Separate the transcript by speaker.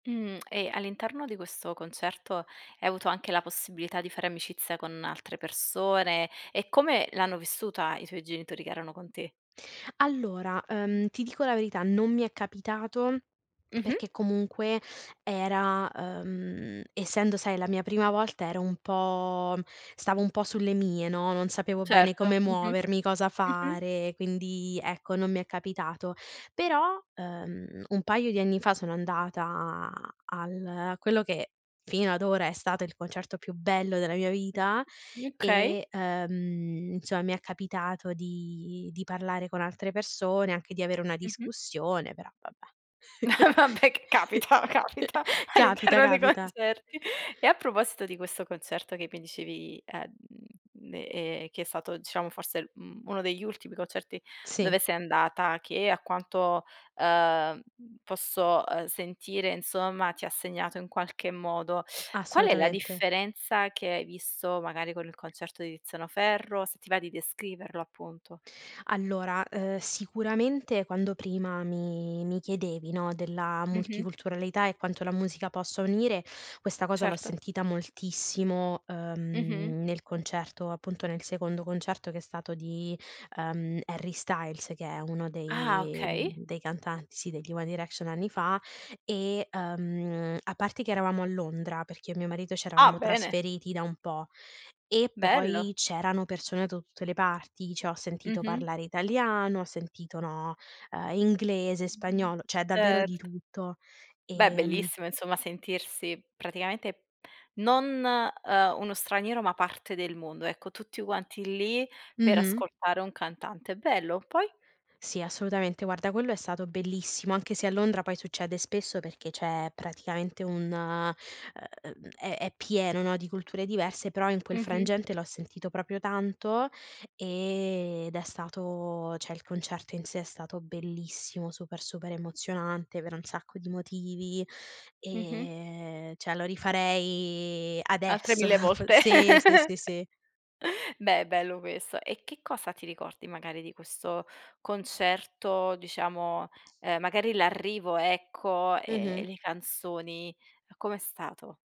Speaker 1: Mhmm, e, all'interno di questo concerto, hai avuto anche la possibilità di fare amicizia con altre persone? E come l'hanno vissuta i tuoi genitori che erano con te?
Speaker 2: Allora, ehm, ti dico la verità: non mi è capitato,
Speaker 1: Mh-mh.
Speaker 2: perché comunque era ehm, essendo, sai, la mia prima volta, ero un po' stavo un po' sulle mie, no, non sapevo bene
Speaker 1: Certo.
Speaker 2: come
Speaker 1: Mh-mh,
Speaker 2: muovermi, cosa
Speaker 1: mh-mh.
Speaker 2: fare, quindi, ecco, non mi è capitato. Però, ehm, un paio di anni fa, sono andata al a quello che, fino ad ora, è stato il concerto più bello della mia vita
Speaker 1: Mh, okay.
Speaker 2: e, ehm, insomma, mi è capitato di di parlare con altre persone, anche di avere una
Speaker 1: Mh-mh.
Speaker 2: discussione, però vabbè
Speaker 1: Eh, vabbè, c capita, capita
Speaker 2: capita,
Speaker 1: all'interno dei
Speaker 2: capita.
Speaker 1: concerti. E a proposito di questo concerto che mi dicevi, ehm, ehm, che è stato, diciamo, forse, mhmm, uno degli ultimi concerti
Speaker 2: Sì.
Speaker 1: dove sei andata, che a quanto, ehm, posso sentire, ehm, insomma, ti ha segnato in qualche modo, qual è la
Speaker 2: Assolutamente.
Speaker 1: differenza che hai visto magari con il concerto di Tiziano Ferro? Se ti va di descriverlo appunto?
Speaker 2: Allora, ehm, sicuramente, quando prima mi mi chiedevi, no, della
Speaker 1: Mh-mh.
Speaker 2: multiculturalità e quanto la musica possa unire, questa cosa l'ho
Speaker 1: Certo.
Speaker 2: sentita moltissimo,
Speaker 1: Mh-mh.
Speaker 2: ehm, nel concerto, appunto, nel secondo concerto che è stato di, uhm, Harry Styles, che è uno
Speaker 1: Ah,
Speaker 2: dei
Speaker 1: okay.
Speaker 2: dei cantanti, sì, degli one direction, anni fa e, ehm, a parte che eravamo a Londra, perché io e mio marito ci
Speaker 1: Ah,
Speaker 2: eravamo
Speaker 1: bene!
Speaker 2: trasferiti da un po' e poi
Speaker 1: Bello!
Speaker 2: c'erano persone da tutte le parti, cioè ho sentito
Speaker 1: Mh-mh.
Speaker 2: parlare italiano, ho sentito no, ehm, inglese, spagnolo, cioè davvero
Speaker 1: Ert
Speaker 2: di tutto,
Speaker 1: Beh,
Speaker 2: ehm
Speaker 1: bellissimo, insomma, sentirsi praticamente non, ehm, uno straniero, ma parte del mondo. Ecco, tutti quanti lì, per
Speaker 2: Mh-mh.
Speaker 1: ascoltare un cantante, è bello. Poi?
Speaker 2: Sì, assolutamente, guarda, quello è stato bellissimo, anche se a Londra poi succede spesso perché c'è praticamente un uhm, è è pieno di culture diverse, però in quel
Speaker 1: Mh-mh.
Speaker 2: frangente l'ho sentito proprio tanto ed è stato cioè il concerto in sé è stato bellissimo, super, super emozionante per un sacco di motivi,
Speaker 1: Mh-mh.
Speaker 2: ehm, cioè lo rifarei
Speaker 1: Altre
Speaker 2: adesso,
Speaker 1: 1000
Speaker 2: po
Speaker 1: volte.
Speaker 2: sì, sì, sì, sì.
Speaker 1: Beh, bello questo. E che cosa ti ricordi magari di questo concerto, diciamo, ehm, magari, l'arrivo, ecco, ehm, le canzoni, com'è stato?